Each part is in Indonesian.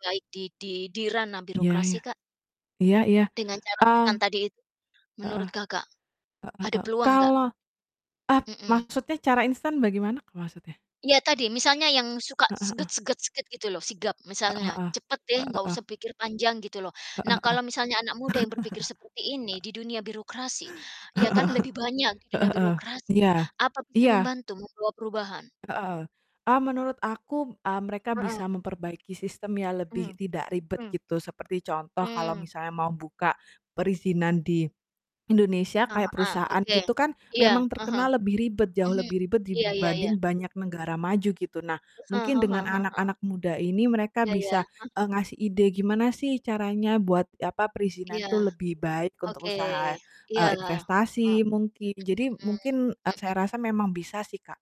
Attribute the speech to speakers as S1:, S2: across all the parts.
S1: Baik di di di ranah
S2: Iya
S1: birokrasi
S2: iya.
S1: Kak.
S2: Iya iya.
S1: Dengan cara
S2: Eee
S1: instan tadi itu,
S2: heeh.
S1: menurut Kakak
S2: Heeh
S1: ada
S2: heeh
S1: peluang enggak?
S2: kalau a
S1: Mhm.
S2: maksudnya cara instan bagaimana Kak maksudnya?
S1: Ya tadi, misalnya yang suka
S2: Heeh heeh.
S1: gitu loh, sigap, misalnya.
S2: Heeh heeh.
S1: "Cepet deh,
S2: Heeh
S1: nggak
S2: heeh.
S1: usah pikir panjang," gitu loh,
S2: Heeh
S1: nah
S2: heeh.
S1: kalau misalnya anak muda yang berpikir seperti ini di dunia birokrasi, ya kan, lebih banyak di dunia
S2: Heeh heeh.
S1: birokrasi
S2: Iya.
S1: apa bisa
S2: Iya.
S1: membantu membawa perubahan?
S2: Heeh. Ah menurut aku, eee, mereka
S1: Heeh.
S2: bisa memperbaiki sistem yang
S1: Hmm,
S2: lebih tidak ribet
S1: hmm.
S2: gitu, seperti contoh kalau
S1: Hmm.
S2: misalnya mau buka perizinan di Indonesia
S1: Eh,
S2: kayak
S1: heeh.
S2: perusahaan
S1: Oke.
S2: gitu kan,
S1: Iya,
S2: memang
S1: heeh.
S2: terkenal lebih, ribet jauh
S1: Mhm,
S2: lebih ribet
S1: iya iya iya.
S2: dibanding banyak negara maju gitu. Nah
S1: Heeh
S2: mungkin dengan
S1: heeh heeh.
S2: anak-anak muda ini, mereka
S1: Iya ya,
S2: bisa,
S1: hah.
S2: eee, ngasih ide gimana sih caranya buat, apa, perizinan
S1: Iya.
S2: tuh lebih baik
S1: Oke.
S2: untuk usaha,
S1: Iya,
S2: eee,
S1: ha
S2: investasi mungkin, jadi
S1: mhm.
S2: mungkin, eee,
S1: Mhm.
S2: saya rasa memang bisa sih Kak.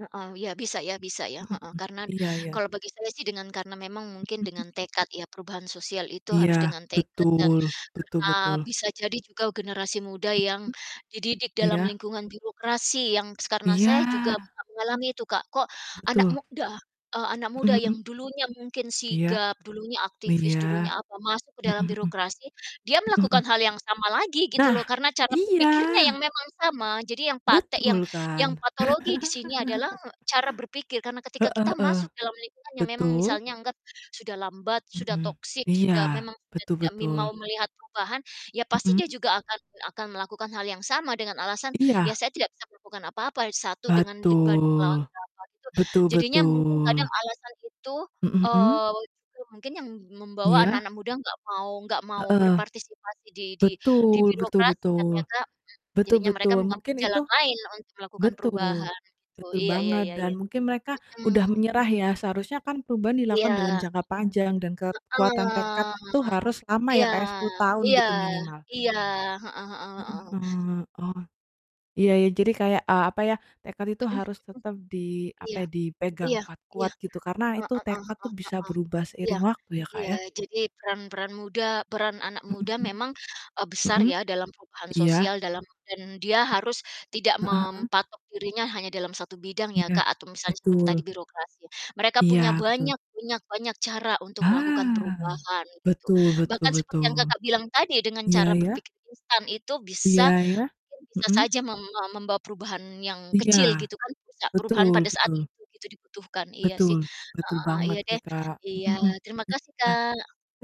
S1: Heeh, iya. Bisa ya bisa ya,
S2: Mhm.
S1: heeh. Karena d
S2: Iya iya.
S1: kalau bagi saya sih dengan karena memang mungkin
S2: Mhm.
S1: dengan tekad ya, perubahan sosial itu harus
S2: Iya,
S1: dengan tekad dan
S2: betul. Betul
S1: karena
S2: betul.
S1: bisa jadi juga generasi muda yang
S2: Mmm.
S1: dididik dalam
S2: Iya.
S1: lingkungan birokrasi yang s karena saya
S2: Iya.
S1: juga a mengalami itu Kak. Kok anak
S2: Betul.
S1: muda, eee, anak muda
S2: Mhm
S1: yang
S2: mhm.
S1: dulunya, mungkin
S2: Iya.
S1: sigap, dulunya aktivis,
S2: Iya.
S1: dulunya apa, masuk dalam
S2: Mhm mhm.
S1: birokrasi dia
S2: Mhm mhm.
S1: melakukan hal yang sama lagi gitu loh,
S2: Nah,
S1: karena cara
S2: iya.
S1: berpikirnya yang memang sama. Jadi yang patek yang
S2: Betul
S1: yang
S2: kan.
S1: patologi disini adalah e cara berpikir. Karena ketika
S2: Heeh
S1: kita masuk
S2: heeh.
S1: dalam lingkungan yang memang
S2: Betul.
S1: misalnya anggap sudah lambat, sudah
S2: Mhm,
S1: toxic sudah
S2: iya.
S1: memang sudah
S2: Betul
S1: tidak mim mau
S2: betul.
S1: melihat perubahan, ya pasti dia
S2: Mhm.
S1: juga akan akan melakukan hal yang sama dengan alasan, ya
S2: Iya.
S1: saya tidak bisa melakukan apa-apa, 1 dengan leban melawan
S2: Betul.
S1: berapa gitu.
S2: Betul
S1: Jadinya mungkin kadang
S2: betul.
S1: alasan itu,
S2: Mhm mhm.
S1: eee, itu mungkin yang membawa
S2: Iya.
S1: anak-anak muda enggak mau enggak mau
S2: Heeh.
S1: berpartisipasi di di di
S2: Betul betul
S1: birokrasi ya,
S2: betul.
S1: ternyata m
S2: Betul
S1: jadinya mereka
S2: betul.
S1: mengambil
S2: Mungkin itu
S1: jalan lain untuk melakukan
S2: betul
S1: perubahan gitu.
S2: betul
S1: Iya iya
S2: banget,
S1: iya
S2: dan
S1: iya.
S2: mungkin mereka udah
S1: Mhm.
S2: menyerah ya, seharusnya kan perubahan
S1: Iya.
S2: dilakukan dalam jangka panjang dan kekuatan tekad
S1: Heeh.
S2: itu harus lama ya
S1: Iya,
S2: Kak ya, 10 tahun
S1: iya,
S2: gitu minimal.
S1: iya, heeh heeh
S2: Heeh
S1: heeh.
S2: heeh. Oh. Iya iya, jadi kayak, eee, apa ya, tekad itu
S1: Mhm mhm.
S2: harus tetap di, apa
S1: Iya,
S2: ya, dipegang
S1: iya, iya.
S2: kuat-kuat gitu, karena itu
S1: Heeh heeh
S2: tekad tuh bisa
S1: heeh.
S2: berubah
S1: Iya,
S2: seiring waktu ya Kak,
S1: iya,
S2: ya.
S1: jadi peran-peran muda peran anak muda
S2: Mhm mhm.
S1: memang, eee, besar
S2: Mhm.
S1: ya dalam perubahan
S2: Iya.
S1: sosial dalam dan dia harus tidak
S2: Heeh heeh.
S1: mempatok dirinya hanya dalam 1 bidang ya
S2: Iya.
S1: Kak atau misalnya seperti tadi
S2: Betul.
S1: birokrasi. Mereka punya
S2: Iya betul.
S1: banyak punya banyak cara untuk melakukan
S2: Ah,
S1: perubahan gitu.
S2: betul betul
S1: Bahkan seperti yang
S2: betul.
S1: Kakak bilang tadi, dengan
S2: Iya
S1: cara
S2: ya.
S1: berpikir instan itu bisa
S2: Iya ya.
S1: mungkin bisa
S2: Mhm
S1: saja mem mem membawa perubahan yang
S2: Iya.
S1: kecil gitu kan, bisa perubahan
S2: Betul
S1: pada saat
S2: betul.
S1: itu gitu dibutuhkan. Iya sih.
S2: Betul. Betul
S1: Heeh, iya
S2: banget ya
S1: deh.
S2: Kak.
S1: Iya
S2: Mhm,
S1: terima kasih
S2: iya. Hmm.
S1: Kak.